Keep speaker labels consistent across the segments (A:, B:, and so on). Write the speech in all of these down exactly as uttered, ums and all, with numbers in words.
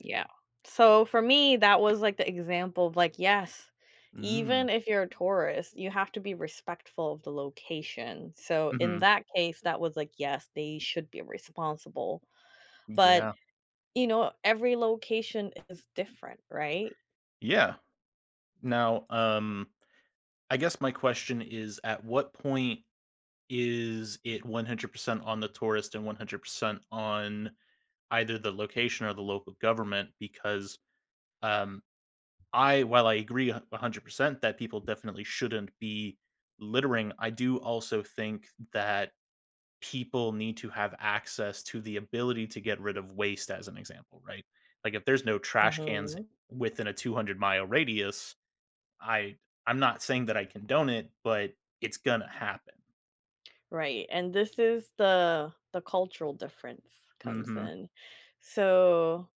A: Yeah, so for me, that was like the example of, like, "Yes,"
B: Mm.
A: even if you're a tourist, you have to be respectful of the location, so in
B: Mhm.
A: that case that was, like, "Yes, they should be responsible." But
B: Yeah.
A: you know, every location is different, right?
B: Yeah. Now, um, I guess my question is, at what point is it one hundred percent on the tourists and one hundred percent on either the location or the local government, because, um, I, while I agree a a hundred percent that people definitely shouldn't be littering, I do also think that people need to have access to the ability to get rid of waste as an example, right? Like if there's no trash cans
A: Mhm.
B: within a 200-mile radius, I I'm not saying that I condone it, but it's gonna happen.
A: Right, and this is the the cultural difference comes
B: Mhm.
A: in so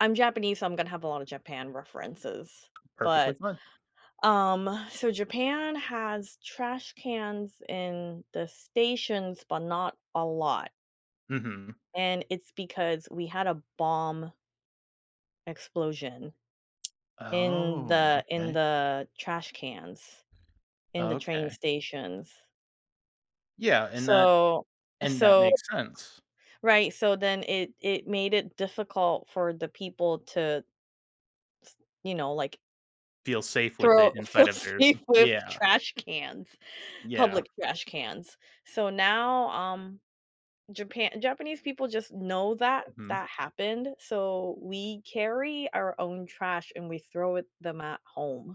A: I'm Japanese, so I'm gonna have a lot of Japan references,
B: Perfectly
A: but,
B: fine.
A: um, so Japan has trash cans in the stations, but not a lot.
B: Mhm.
A: And it's because we had a bomb explosion in
B: Oh,
A: the in
B: okay.
A: the trash cans in the train
B: Okay.
A: stations.
B: Yeah, and that
A: So,
B: and that
A: so
B: makes sense.
A: Right, so then it it made it difficult for the people to t you know, like
B: Feel safe with
A: throw
B: it
A: feel
B: inside of their
A: safe with
B: yeah.
A: trash cans,
B: Yeah.
A: public trash cans. So now, um, Japan Japanese people just know that
B: Mhm.
A: that happened, so we carry our own trash, and we throw it them at home.